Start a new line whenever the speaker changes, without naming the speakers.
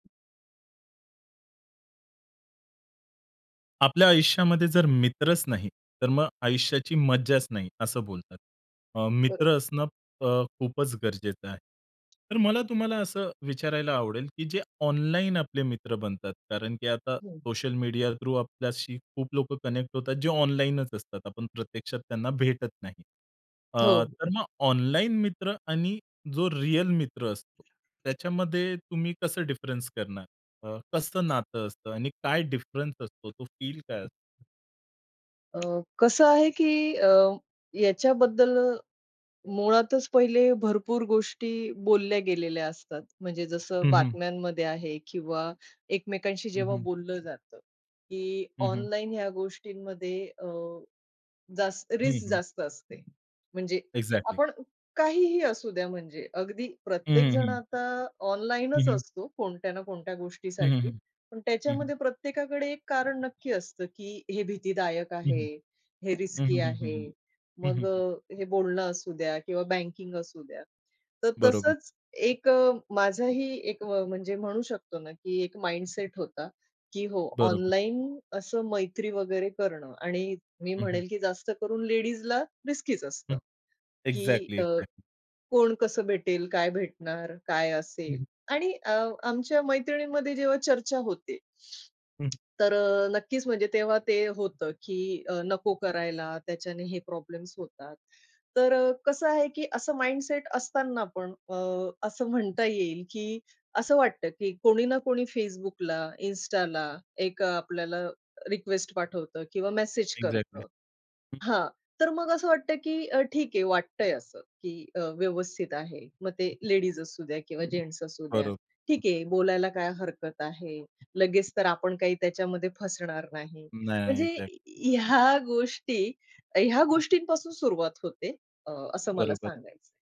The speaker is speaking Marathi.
आपल्या आयुष्यामध्ये जर मित्रच नाही, तर मग आयुष्याची मज्जाच नाही असं बोलतात. अ,
बरोबर.
मित्र असणं अ, खूपच गरजेचं आहे. तर मला तुम्हाला असं विचारायला आवडेल, की जे ऑनलाईन आपले मित्र बनतात कारण की आता
हं.
सोशल मीडिया थ्रू आपल्याशी खूप लोकं कनेक्ट होतात जे ऑनलाईनच असतात. आपण प्रत्यक्षात त्यांना भेटत नाही. अ, तर
हो.
मग ऑनलाईन मित्र आणि जो रिअल मित्र असतो, त्याच्यामध्ये तुम्ही कसं डिफरन्स करणार? अ, कसं नातं असतं आणि काय डिफरन्स असतो तो फील काय असतो?
अ, कसं आहे की अ, याच्याबद्दल मुळातच पहिले भरपूर गोष्टी बोलल्या गेलेल्या असतात. म्हणजे जसं
हं, हं.
बातम्यांमध्ये आहे किंवा एकमेकांशी
हं,
जेव्हा
हं.
बोललं जातं की
हं, हं.
ऑनलाईन ह्या गोष्टींमध्ये अ, जास्त
हं,
रिस्क
हं.
जास्त असते. म्हणजे
एक्झॅक्टली.
आपण काहीही असूद्या म्हणजे. अगदी प्रत्येक
हं,
जण
हं.
आता
हं,
ऑनलाईनच
हं.
असतो कोणत्या ना कोणत्या
हं, हं,
गोष्टीसाठी.
हं.
पण
हं, हं.
त्याच्यामध्ये प्रत्येकाकडे एक कारण नक्की असतं की हे भीतीदायक
हं, हं.
आहे, हे
हं,
रिस्की
हं, हं, हं, हं.
आहे.
हं,
मग
हं.
अ, हे बोलणं असूद्या किंवा बँकिंग असूद्या. तर
बरोबर.
तसंच एक अ, माझाही एक व म्हणजे म्हणू शकतो ना, की एक माइंडसेट होता की हो,
बरोबर.
ऑनलाईन असं मैत्री वगैरे करणं आणि मी
हं, हं.
म्हणेन की जास्त करून लेडीजला रिस्कीच
हं.
असतं. की
एक्झॅक्टली,
अ,
एक्झॅक्टली.
कोण कसं भेटेल, काय भेटणार, काय
हं,
असेल?
हं.
आणि अ, आमच्या मैत्रिणींमध्ये जेव्हा चर्चा होते.
हं, हं.
तर अ, नक्कीच म्हणजे तेव्हा ते होतं की अ, नको करायला. त्याच्याने हे प्रॉब्लेम्स होतात. तर अ, कसं आहे की असं माइंडसेट असतांना पण अ, असं म्हणता येईल की असं वाटतं की कोणी ना कोणी Facebook, Instaला एक अ, आपल्याला रिक्वेस्ट पाठवतं किंवा मेसेज
एक्झॅक्टली.
करतं.
हं.
हां. तर मग असं वाटतं की अ, ठीक आहे वाटतंय असं, की अ, व्यवस्थित आहे. मग ते लेडीज असूद्या किंवा जेन्ट्स असूद्या. ठीक
बरोबर.
आहे बोलायला काय हरकत आहे, लगेच तर आपण काही त्याच्यामध्ये फसणार नाही.
नाही.
म्हणजे
एक्झॅक्टली.
ह्या गोष्टी ह्या
हं.
गोष्टींपासून सुरुवात होते. अ, असं मला
बरोबर.
सांगायचंय.